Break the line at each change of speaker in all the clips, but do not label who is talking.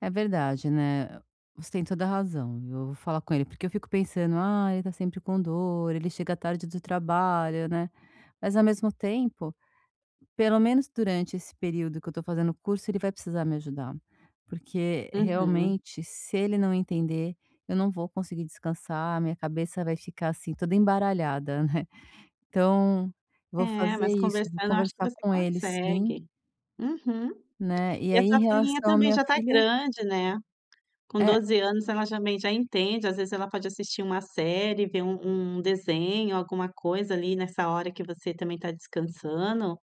É verdade, né. Você tem toda razão. Eu vou falar com ele. Porque eu fico pensando: "Ah, ele está sempre com dor. Ele chega tarde do trabalho", né. Mas ao mesmo tempo, pelo menos durante esse período que eu estou fazendo o curso, ele vai precisar me ajudar. Porque,
Uhum.
realmente, se ele não entender, eu não vou conseguir descansar, a minha cabeça vai ficar assim, toda embaralhada, né. Então vou
É,
fazer
mas
isso, vou
conversando eu acho que
conversar
você
com ele, sim.
consegue. Uhum.
Né, e
E a
aí, em
tua filhinha
relação a
também
minha
já está
filha
grande, né. Com
É
12 anos, ela já também já entende, às vezes ,ela pode assistir uma série, ver um um desenho, alguma coisa ali nessa hora que você também está descansando.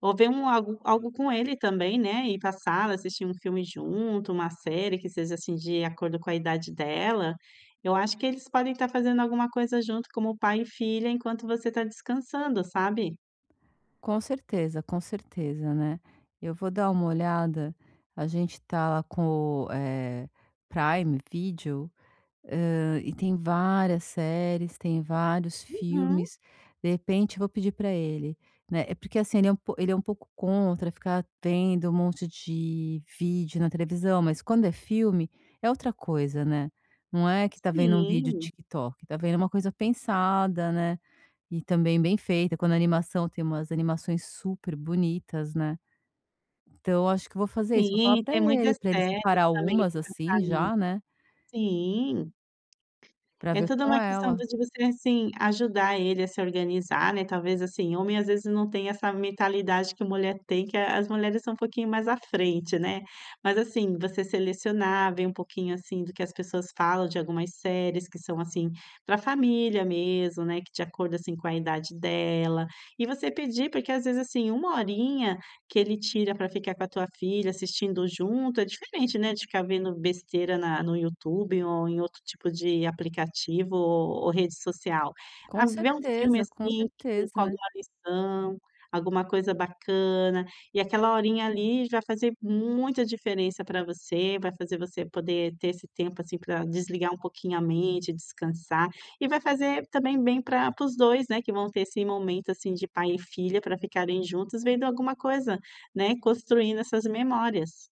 Ou ver um algo algo com ele também, né, ir pra sala, assistir um filme junto, uma série que seja, assim, de acordo com a idade dela. Eu acho que eles podem estar fazendo alguma coisa junto como pai e filha, enquanto você está descansando, sabe.
Com certeza, com certeza, né. Eu vou dar uma olhada. A gente está lá com, eh, Prime Video, ah, e tem várias séries, tem vários
Uhum.
filmes. De repente, vou pedir para ele, né Eh, porque, assim, ele é um po ele é um pouco contra ficar vendo um monte de vídeo na televisão, mas quando é filme é outra coisa, né, não é que está vendo um vídeo
Sim.
TikTok está vendo uma coisa pensada, né. E também bem feita. Quando animação tem umas animações super bonitas, né. Então eu acho que eu vou fazer isso, vou falar
Sim,
para
tem
ele,
muitas
para ele
séries
separar
também
algumas,
assim pra
assim,
famí
já, né.
Sim.
Para
É
ver
toda
com
uma questão
ela.
de você, assim, ajudar ele a se organizar, né. Talvez assim homem, às vezes, não tem essa mentalidade que a mulher tem. Que as mulheres são um pouquinho mais à frente, né. Mas assim, você selecionar, ver um pouquinho, assim, do que as pessoas falam de algumas séries que são assim para família mesmo, né. Que, de acordo, assim, com a idade dela. E você pedir, porque, às vezes, assim, 1 horinha que ele tira para ficar com a tua filha, assistindo junto, é diferente, né, de ficar vendo besteira na no YouTube ou em outro tipo de aplicativo o ou rede social. A
Com
ver um filme,
certeza, com
assim, que
certeza,
com
né.
alguma lição, alguma coisa bacana. E aquela horinha ali já fazer muita diferença para você, vai fazer você poder ter esse tempo, assim, para desligar um pouquinho a mente, descansar. E vai fazer, também, bem pra para os 2, né, que vão ter esse momento assim de pai e filha para ficarem juntos vendo alguma coisa, né, construindo essas memórias.